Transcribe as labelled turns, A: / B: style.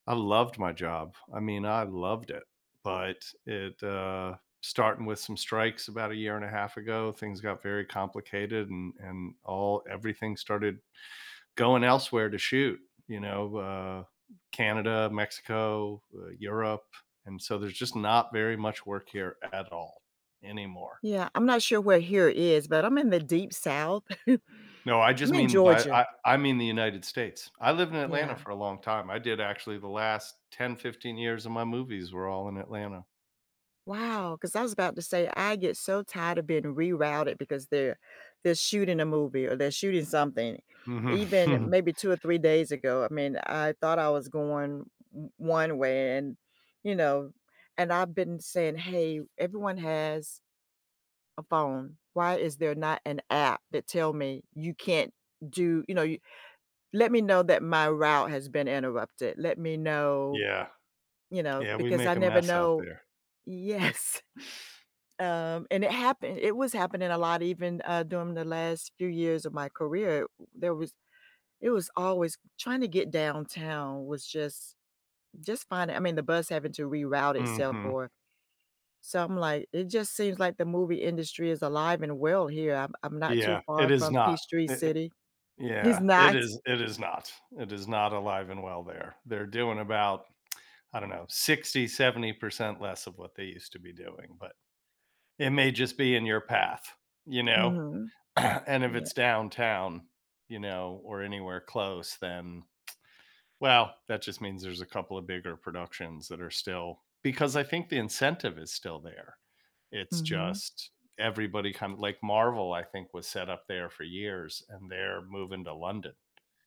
A: I loved my job. I mean, I loved it. But it, uh starting with some strikes about a year and a half ago, things got very complicated and and all everything started going elsewhere to shoot, you know, uh, Canada, Mexico, uh, Europe. And so, there's just not very much work here at all anymore.
B: Yeah. I'm not sure where "here" is but I'm in the deep south,
A: No, I just
B: I'm in
A: mean by
B: Georgia.
A: I I mean the United States. I lived in Atlanta
B: Yeah.
A: for a long time, I did actually the last 10, 15 years of my movies were all in Atlanta.
B: Wow, 'cause I was about to say I get so tired of being rerouted because they're they're shooting a movie or they're shooting something.
A: Mhm.
B: Even maybe 2 or 3 days ago, I mean, I thought I was going w 1 way and, you know? And I've been saying, "Hey, everyone has a phone. Why is there not an app that tell me, 'You can't do'" you know, y "Let me know that my route has been interrupted." Let me know,
A: Yeah.
B: you know,
A: Yeah, we
B: because I
A: make a
B: never
A: mess out
B: know
A: there.
B: Yes. Um, and it happen it was happening a lot even, uh, during the last few years of my career. There was it was always trying to get downtown was just just fine. I mean, the bus having to reroute itself
A: Mhm.
B: or something like it just seems, like, the movie industry is alive and well here. I'm I'm not too
A: Yeah, it
B: far
A: is
B: from
A: not.
B: Peachtree
A: I It
B: City is
A: Yeah. It
B: not
A: is it is not, it is not alive and well there. They're doing about, I don't know, 60%-70% less of what they used to be doing, but it may just be in your path, you know?
B: Mhm,
A: And if
B: yeah.
A: it's downtown, you know, or anywhere close, then well, that just means there's a couple of bigger productions that are still because I think the incentive is still there. It's
B: Mhm.
A: just everybody kind like Marvel, I think, was set up there for years, and they're moving to London.